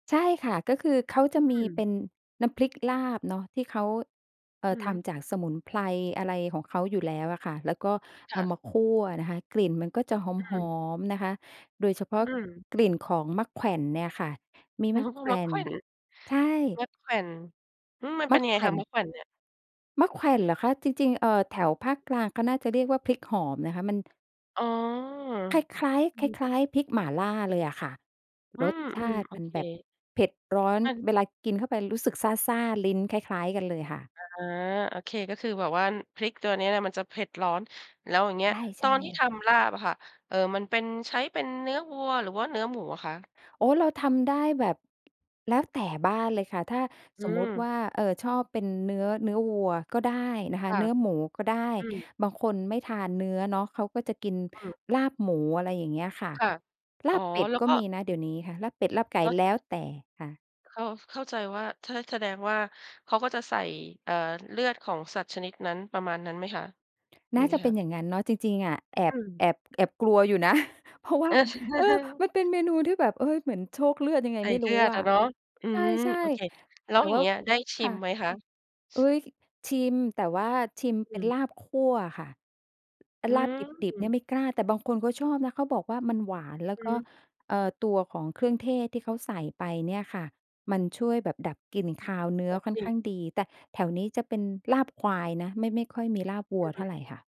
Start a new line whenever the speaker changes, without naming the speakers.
ใช่ค่ะ ก็คือเขาจะ
อ
มี
ื
เป
ม
็นน้ำพริกลาบเนาะ ที่เขา เอ่
อื
อ
อ
ท
ฮึ
ำจากสมุนไพร อะไรของเขาอยู่แล้วอะค่ะ แล้วก็
ค
เอ
่
า
ะ
มาคั่วนะคะ กลิ่นมันก็จะห
อื
อ
ม
ม ๆ นะคะ โดยเฉพา
อ
ะ
ืม
กลิ่นของมะแขว่นเนี่ยค่ะ มี
โอ้!
มะแขว
มะ
่
แข
น
ว่น
ใช่
มะมะแขว่น อืม มันเ
ม
ป็น
ะ
ยัง
แ
ไง
ขว
ค
่
ะ?
น
มะแขว่นเนี่ย
มะแขว่นเหรอคะ? จริง ๆ เอ่อ แถวภาคกลางเขาน่าจะเรียกว่า พริกหอมนะคะ มัน
อ๋อ
คล้าย
อ
ๆ
ื
คล
ม
้าย ๆ พริกหม่าล่าเลยอะค่ะ
อื
รส
ม
ชาต
ๆ
ิ
โอ
มัน
เค
แบบเผ็ดร้อน
อัน
เวลากินเข้าไปรู้สึกซ่า ๆ ลิ้นคล้าย ๆ กันเลยค่ะ
อา โอเค ก็คือแบบว่า พริกตัวนี้นี่มันจะเผ็ดร้อน แล้วอย่างเงี้ย
ใ
ต
ช่
อนที่ท
ๆ
ำลาบอะค่ะ เอ่อ มันเป็น ใช้เป็นเนื้อวัว หรือว่าเนื้อหมูอะคะ?
อ๋อ เราทำได้แบบ แล้วแต่บ้านเลยค่ะ ถ้า
อื
สมมุติว
ม
่า เอ่อ ชอบเป็นเนื้อ เนื้อวัวก็ได้นะค
ค
ะ
่ะ
เนื้อหมูก็ได้
อืม
บางคนไม่ทานเนื้อเนาะ เขาก็จะกิน
อืม
ลาบหมู อะไรอย่างเงี้ยค่ะ
ค่ะ
ล
อ๋
า
อ
บเป็ด
แล้ว
ก็
ก็
มีนะเดี๋ยวนี้ค่ะ ลาบเป็ด ลาบไก่
แล้ว ถ
แล
้
้
า
วแต่ค่ะ
เข้า เข้าใจว่า ถ้า แสดงว่าเขาก็จะใส่ เอ่อ เลือดของสัตว์ชนิดนั้น ประมาณนั้นไหมคะ? อย
น
่
่
า
า
งง
จ
ี้
ะเป
ค
็
่
น
ะ
อย่างงั้นเนาะ จริง ๆ อะ แอ
อื
บ
ม
แอบ แอบกลัวอยู่ นะ เพราะว่า เออ มันเป็นเมนูที่แบบ เฮ้ย! เหมือนโชกเลือดยังไง
ใส่
ไม่
เ
ร
ล
ู้
ือด
อ
อ
ะ
ะเนาะ อื
ใ
ม
ช่
โอเค แล้
ๆ แต
ว
่
อย่
ว
า
่
ง
า
เงี้ย ได้ชิ
ค่ะ
มไหมคะ?
อุ๊ย! ชิม แต่ว่าชิม
อ
เป
ื
็น
ม
ลาบคั่วค่ะ
อื
ลาบดิบ ๆ เนี่ย
ม
ไม่กล้า แต่บางคนเขาชอบนะ เขาบอกว่า มันหวานแล้ว
อื
ก
อ
็
ฮึ
เอ่อ ตัวของเครื่องเทศที่เขาใส่ไปเนี่ยค่ะ มันช่วยแบบดับกลิ่นคาวเนื้
แต
อ
่
ค่อน
จริ
ข้
ง
างดี แต่แถวนี้จะเป็นลาบควายนะ ไม่ ไม่ค่อยมีลาบวั
อ
ว
ื
เท่
ม
าไรค่ะ